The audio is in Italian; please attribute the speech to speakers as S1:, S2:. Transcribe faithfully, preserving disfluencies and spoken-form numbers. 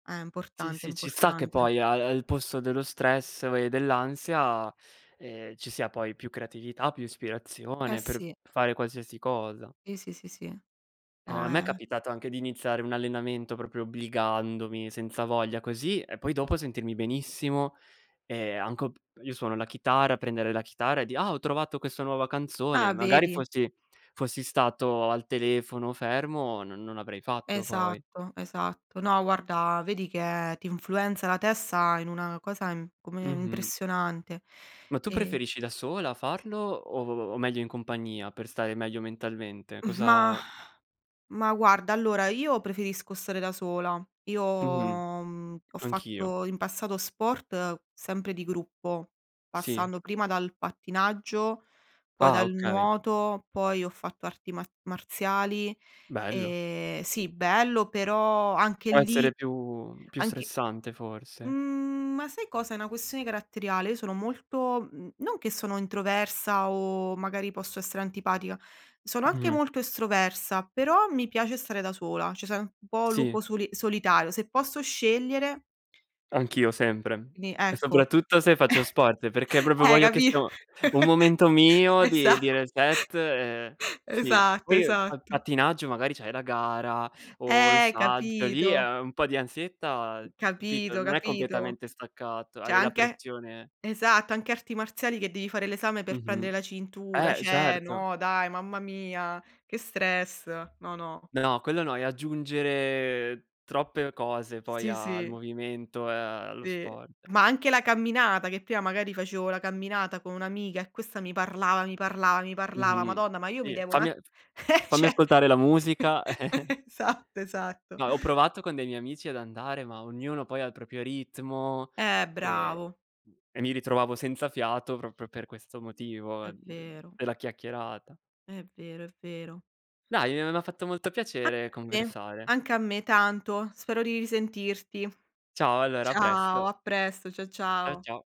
S1: Eh,
S2: Sì,
S1: importante, è
S2: sì, ci sta che
S1: importante.
S2: poi al al posto dello stress e dell'ansia, ehm, ci sia poi più creatività, più
S1: Eh
S2: ispirazione per
S1: sì.
S2: fare qualsiasi cosa.
S1: Sì, sì, sì, sì.
S2: Ehm,
S1: No,
S2: a me è
S1: è
S2: capitato anche di iniziare un allenamento, proprio obbligandomi, senza voglia, così, e poi, dopo, sentirmi benissimo. E anch o p io suono la chitarra: prendere la chitarra e di': “Ah, ho trovato questo nuova canzone.”
S1: Ah,
S2: Magari
S1: vedi.
S2: fossi fossi stato al telefono fermo, non non avrei fatto, poi.
S1: Esatto, esatto. No guarda, vedi che ti influenza la testa in una cosa im come
S2: Mh-mh.
S1: impressionante.
S2: Ma tu
S1: E
S2: preferisci da sola farlo o o o meglio in compagnia, per stare meglio mentalmente?
S1: Mh, ma
S2: Cosa
S1: ma, guarda, allora, io preferisco stare da sola. Io,
S2: Mh-mh,
S1: mhmm, ho
S2: anch'io.
S1: fatto in passato sport sempre di gruppo,
S2: Sì.
S1: passando prima dal pattinaggio, poi
S2: Ah,
S1: dal
S2: okay.
S1: nuoto, poi ho fatto arti mar marziali.
S2: Bello.
S1: Ehm, sì, bello, però anche
S2: Può
S1: lì,
S2: essere più più
S1: anche
S2: stressante forse.
S1: mhmm, ma sai cosa, è una questione caratteriale. Io sono molto mhmm, non che sono introversa o, magari, posso essere antipatica- sono anche
S2: Mh-mh.
S1: molto estroversa- però mi piace stare da sola, ceh, sono un po'
S2: Sì.
S1: lupo soli solitario. Se posso scegliere
S2: Anch'io sempre.
S1: quindi
S2: E,
S1: ecco,
S2: soprattutto, se faccio sport, perché proprio
S1: eh,
S2: voglio che
S1: capi'
S2: sia u un momento mio di
S1: Esatto,
S2: di reset e
S1: esa
S2: sì.
S1: esatto,
S2: Poi, uhm, pa
S1: esatto.
S2: pattinaggio, magari, c'hai la gara o il
S1: Eh,
S2: saggio. Lì,
S1: capito?
S2: ehm, un po' di ansietta, capito,
S1: Capito,
S2: non è
S1: capito.
S2: completamente staccato,
S1: ceh
S2: hai la
S1: anche
S2: pressione
S1: esatto, anche arti marziali che devi fare l'esame per
S2: Mh-mh,
S1: prendere la cintura.
S2: eh,
S1: Cioè,
S2: certo.
S1: no dai, mamma mia, che stress. No, no.
S2: No, quello no. È aggiungere troppe cose poi
S1: Sì,
S2: al
S1: sì.
S2: movimento e allo
S1: Sì.
S2: sport.
S1: Ma anche la camminata, che prima, magari, facevo la camminata con un'amica e questa mi parlava, mi parlava, mi parlava.
S2: Mh-mh,
S1: Madonna, ma io mi
S2: sì,
S1: devo un'a
S2: fammi ehm, f
S1: eh
S2: fammi
S1: ceh,
S2: ascoltare la musica.
S1: satto, esatto.
S2: No, ho provato con dei miei amici ad andare, ma ognuno poi ha il propio ritmo
S1: Eh,
S2: e
S1: bravo.
S2: [unintelligible] e mi ritrovavo senza fiato proprio per questo motivo
S1: È
S2: d
S1: vero.
S2: della chiacchierata.
S1: È vero, è vero.
S2: Dai, uhm, m'ha fatto molto piacere
S1: Anche a me,
S2: conversare.
S1: anche a me tanto. Spero di risentirti.
S2: Ciao, allora a
S1: Ciao,
S2: presto.
S1: a presto. Cia
S2: Ciao,
S1: ciao.
S2: ciao